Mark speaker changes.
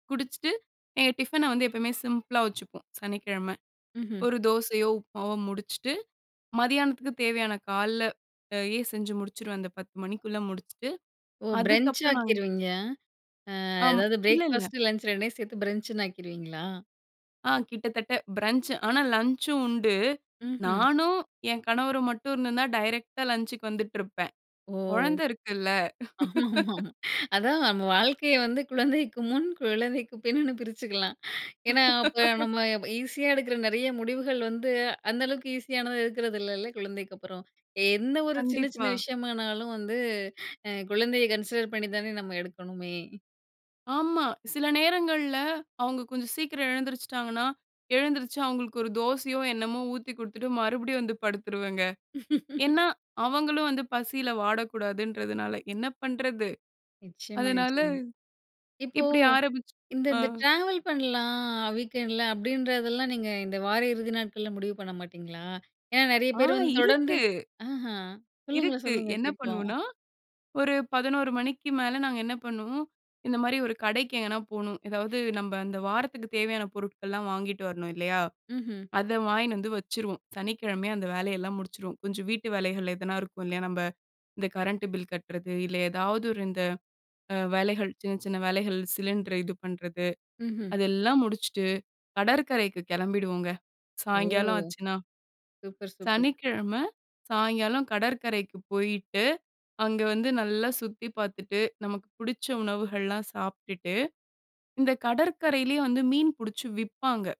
Speaker 1: குடிச்சிட்டு எங்க டிஃபன வந்து எப்பயுமே சிம்பிளா வச்சுப்போம் சனிக்கிழம.
Speaker 2: ம்ஹ்ம்.
Speaker 1: ஒரு தோசையோ, உப்மாவோ முடிச்சுட்டு மதியானத்துக்கு தேவையான கால்ல எ செஞ்சு முடிச்சுருவேன். அந்த 10:00 மணிக்குள்ள முடிச்சுட்டு
Speaker 2: ஓ! பிரன்ச்
Speaker 1: அதுக்கப்புறம் நாங்க
Speaker 2: ஆக்கிருவீங்க? அ
Speaker 1: ஆம்.
Speaker 2: எதாவது
Speaker 1: இல்ல, இல்ல.
Speaker 2: பிரேக்ஃபாஸ்ட்டு லன்ச் 2ஐயும் சேர்த்து பிரன்ச்ன்னு ஆக்கிருவீங்களா?
Speaker 1: ஆ கிட்டத்தட்ட பிரஞ்ச் ஆனா லஞ்ச்சும் உண்டு.
Speaker 2: ம்ஹ்ம்.
Speaker 1: நானும் என் கணவரும் மட்டும் இருந்த தான் டைரக்ட்டா லஞ்ச்க்கு வந்துட்டு இருப்பேன்.
Speaker 2: ஓ!
Speaker 1: குழந்தை இருக்குல்ல.
Speaker 2: ஆமா, ஆமா, ஆமாம். அதான் நம்ம வாழ்க்கையை வந்து குழந்தைக்கு முன் குழந்தைக்கு பின்னுன்னு பிரிச்சுக்கலாம். ஏன்னா அப்ப நம்ம ஈஸியா எடுக்குற நெறைய முடிவுகள் வந்து அந்த அளவுக்கு ஈஸியானது இருக்கறது இல்லல்ல குழந்தைக்கு அப்புறம். எந்த ஒரு சின்ன சின்ன
Speaker 1: கண்டிப்பா.
Speaker 2: விஷயமானாலும் வந்து குழந்தையை கன்சிடர் பண்ணி தானே நம்ம எடுக்கணுமே.
Speaker 1: ஆமா. சில நேரங்கள்ல அவங்க கொஞ்சம் சீக்கிரம் எழுந்திரிச்சுட்டாங்கன்னா, எழுந்திருச்சு அவங்களுக்கு ஒரு தோசையோ என்னமோ ஊத்திக் குடுத்துட்டு மறுபடியும் வந்து படுத்துருவங்க. ஏன்னா, அவங்களும் வந்து பசில வாடக்கூடாதுன்றதுனால என்ன பண்றது.
Speaker 2: நிச்சியமா,
Speaker 1: அதனால
Speaker 2: நிச்சியமா. இப்போ
Speaker 1: இப்டி ஆரம்பிச்சு
Speaker 2: இந்த
Speaker 1: அ.
Speaker 2: இந்த ட்ராவல் பண்லாம் வீக்கெண்டுல அப்டின்றதெல்லாம் நீங்க இந்த வார இறுதி நாட்கள்ல முடிவு பண்ண மாட்டீங்களா? ஏன்னா, நெறைய
Speaker 1: ஆ
Speaker 2: பேரு வந்து தொடர்ந்து
Speaker 1: இருக்கு.
Speaker 2: ஆஹா சொல்லுங்க,
Speaker 1: இருக்கு
Speaker 2: சொல்லுங்க
Speaker 1: என்ன
Speaker 2: கேட்போம்.
Speaker 1: பண்வோன்னா ஒரு 11:00 மணிக்கு மேல நாங்க என்ன பண்ணுவோம். இந்த மாரி ஒரு கடைக்கு எங்கனா போணும். எதாவது நம்ப அந்த வாரத்துக்கு தேவையான பொருட்கள்லாம் வாங்கிட்டு வரணும் இல்லையா?
Speaker 2: ம்ஹம்.
Speaker 1: அத வாங்கினு வந்து வச்சுருவோம். சனிக்கிழமையே அந்த வேலையெல்லாம் முடிச்சிருவோம் கொஞ்சம் வீட்டு வேலைகள் எதுனா இருக்கும் இல்லையா, நம்ம இந்த கரண்ட் பில் கட்டுறது இல்ல ஏதாவது ஒரு இந்த அ வேலைகள் சின்ன சின்ன வேலைகள் சிலிண்டர் இது பண்றது
Speaker 2: ம்ஹ்ம்.
Speaker 1: அதெல்லாம் முடிச்சுட்டு, கடற்கரைக்கு கிளம்பிடுவோங்க.
Speaker 2: ஓ!
Speaker 1: சாயங்காலம் ஆச்சுனா.
Speaker 2: Super super super.
Speaker 1: சனிக்கிழமை சாயங்காலம் கடற்கரைக்கு போயிட்டு, அங்க வந்து நல்லா சுத்தி பார்த்துட்டு நமக்கு புடிச்ச உணவுகள்லாம் சாப்பிட்டுட்டு, இந்த கடற்கரையிலேயே வந்து மீன் புடிச்சு விப்பாங்க.